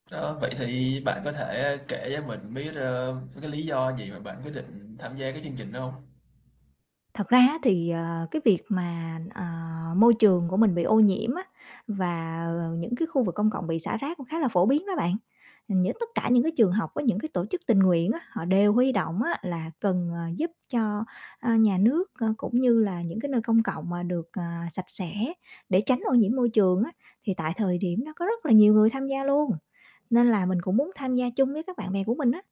Đó, vậy thì bạn có thể, a, kể cho mình biết, ơ, mấy cái lý do gì mà bạn quyết định tham gia cái chương trình đó hông? Thật ra á thì, ờ, cái việc mà, ờ, môi trường của mình bị ô nhiễm á và, ờ, những cái khu vực công cộng bị xả rác cũng khá là phổ biến đó bạn. Ừm, những tất cả những cái trường học với những cái tổ chức tình nguyện á họ đều huy động á là cần, ờ, giúp cho, a, nhà nước, a, cũng như là những cái nơi công cộng mà được, ờ, sạch sẽ để tránh ô nhiễm môi trường á thì tại thời điểm đó có rất là nhiều người tham gia luôn, nên là mình cũng muốn tham gia chung với các bạn bè của mình á.